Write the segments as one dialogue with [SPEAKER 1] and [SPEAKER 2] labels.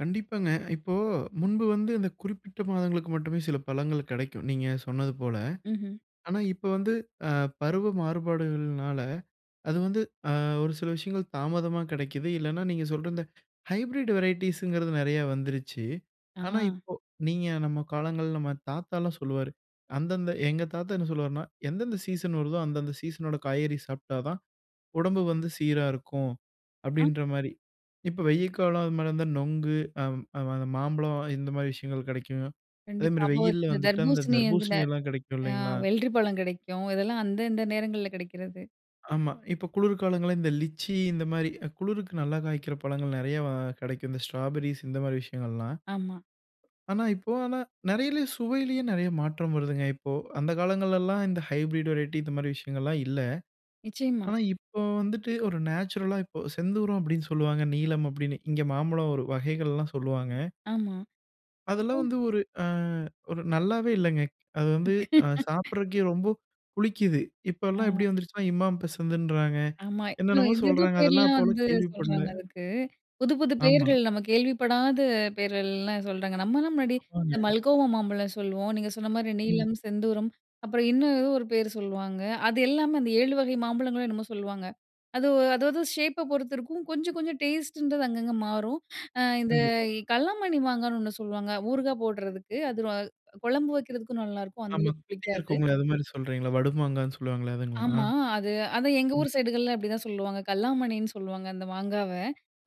[SPEAKER 1] கண்டிப்பாங்க. இப்போ முன்பு வந்து இந்த குறிப்பிட்ட மாதங்களுக்கு மட்டுமே சில பழங்கள் கெடைக்கும், நீங்க சொன்னது போல.
[SPEAKER 2] ம்ஹ்ம்.
[SPEAKER 1] ஆனா, இப்ப வந்து அ பருவ மாறுபாடுகள்னால, அது வந்து ஆ ஒரு சில விஷயங்கள் தாமதமா கெடைக்குது. இல்லைனா, நீங்க சொல்ற இந்த ஹைப்ரிட் வெரைட்டிஸ்ங்கிறது நெறையா வந்துருச்சி. ஆனா,
[SPEAKER 2] ஆ.
[SPEAKER 1] இப்போ நீங்க நம்ம காலங்கள்ல நம்ம தாத்தாலாம் சொல்லுவாரு, அந்தந்த எங்க தாத்தா என்ன சொல்லுவாருன்னா, எந்தெந்த சீசன் வருதோ, அந்தந்த சீசனோட காய்கறி சாப்பிட்டா தான் உடம்பு வந்து சீரா இருக்கும்.
[SPEAKER 2] அ.
[SPEAKER 1] அப்படின்ற மாரி, இப்ப வெய்ய காலம் அது மாரி இருந்தா நொங்கு அ மாம்பழம் இந்த மாரி விஷயங்கள் கெடைக்கும். அதே
[SPEAKER 2] கண்டிப்பா.
[SPEAKER 1] மாரி
[SPEAKER 2] அப்போ
[SPEAKER 1] வெயில்ல
[SPEAKER 2] இந்த
[SPEAKER 1] வந்துட்டு அந்த
[SPEAKER 2] தர்பூசணி, [unintelligible]
[SPEAKER 1] தர்ப்பூசணியெல்லா கெடைக்கு
[SPEAKER 2] அ
[SPEAKER 1] இல்லைங்களா?
[SPEAKER 2] வெள்ரிப்பழம் கெடைக்கும். இதெல்லாம் அந்தந்த நேரங்கள்ல கெடைக்கிறது.
[SPEAKER 1] ஆமா. இப்ப குளிர் காலங்கள்ல இந்த லிச்சி இந்த மாரி, குளிருக்கு நல்லா காய்க்கிற பழங்கள் நெறைய கெடைக்கும். இந்த ஸ்ட்ராபெர்ரிஸ் இந்த மாரி விஷயங்கள்லாம்.
[SPEAKER 2] ஆமா.
[SPEAKER 1] ஆனா, இப்போ ஆனா, நெறைய சுவையிலே நெறைய மாற்றம் வருதுங்க. இப்போ அந்த காலங்கள்லெல்லா இந்த ஹைப்ரிட் வெரைட்டி இந்த மாரி விஷயங்கலெல்லா இல்ல.
[SPEAKER 2] நிச்சயமா.
[SPEAKER 1] ஆனா, இப்போ வந்துட்டு ஒரு நேச்சுரல்லா இப்போ செந்தூரம் அப்படீன்னு சொல்வாங்க, நீலம் அப்படீன்னு. இங்க மாம்பழம் ஒரு வகைகலெல்லா சொல்லுவாங்க.
[SPEAKER 2] ஆமா. இப்போ,
[SPEAKER 1] அதெல்லாம் வந்து ஒரு ஆ ஒரு நல்லாவே இல்லைங்க. அது வந்து சாப்பிட்றதுக்கே ரொம்ப புளிக்குது. இப்போலா
[SPEAKER 2] ஆ.
[SPEAKER 1] எப்படி வந்துருச்சுன்னா, இமாம் பசந்துன்றாங்க,
[SPEAKER 2] ஆமா. இல்ல
[SPEAKER 1] என்னென்னமோ
[SPEAKER 2] எதேதோ
[SPEAKER 1] சொல்றாங்க. அதெல்லாம்
[SPEAKER 2] பேர்லா
[SPEAKER 1] அப்போலா
[SPEAKER 2] வந்து
[SPEAKER 1] கேள்விப்படல.
[SPEAKER 2] சொல்றாங்க. அதுக்கு, புது புது
[SPEAKER 1] ஆமா.
[SPEAKER 2] பேர்கள் நம்ம கேள்விப்படாத பேரேல்லா சொல்றாங்க. நம்மலா முன்னாடி இந்த
[SPEAKER 1] ஆமாங்க.
[SPEAKER 2] மல்கோவா மாம்பழம் சொல்லுவோம். நீங்க சொன்ன மாரி
[SPEAKER 1] ம்.
[SPEAKER 2] நீலம், செந்தூரம் அப்புறம் இன்னும் ஏதோ ஒரு பேர் சொல்லுவாங்க. அது எல்லாமே, அந்த 7 வகை மாம்பழங்களும் என்னமோ சொல்லுவாங்க. அது அதாது ஷேப்ப பொறுத்திருக்கும் கொஞ்சம் கொஞ்சம் டேஸ்ட்டுன்றது அங்கங்க மாறும். ஆ இந்த
[SPEAKER 1] கண்டிப்பா.
[SPEAKER 2] கல்லாமண்ணி மாங்கான்னு ஒண்ணு சொல்லுவாங்க. ஊறுகாய் போட்றதுக்கு, அது குழம்பு வைக்கிறதுக்கும் நல்லாருக்கும். அந்த
[SPEAKER 1] ஆமா,
[SPEAKER 2] அளவுக்கு
[SPEAKER 1] குட்டியா
[SPEAKER 2] புளிக்காது.
[SPEAKER 1] இருக்குங்களே, அது மாரி சொல்றீங்களா, வடு மாங்காய்ன்னு சொல்லுவாங்களே அதுங்களா?
[SPEAKER 2] ஆமா, அது அதா எங்க
[SPEAKER 1] ம்.
[SPEAKER 2] ஊர் சைடுகள்ல அப்படிதான் சொல்லுவாங்க. கல்லாமணின்னு சொல்லுவாங்க, அந்த மாங்காவ.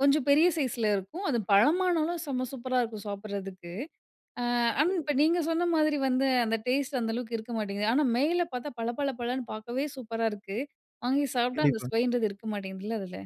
[SPEAKER 2] கொஞ்சம் பெரிய சைஸில இருக்கும். அது பழமானாலும் செம்ம சூப்பரா இருக்கும். சாப்பிடறதுக்கு. ஆ ஆனா
[SPEAKER 1] சரிங்.
[SPEAKER 2] இப்போ நீங்க சொன்ன மாரி வந்து அந்த டேஸ்ட் அந்த அளவுக்கு இருக்க மாட்டேங்குது. ஆனா, மேல பாத்தா பள பள பளன்னு பாக்கவே சூப்பரா இருக்குது. வாங்கி சாப்பிட்டா அந்த
[SPEAKER 1] கண்டிப்பா.
[SPEAKER 2] சுவைன்றது இருக்க மாட்டேங்குதுல்ல அதுல?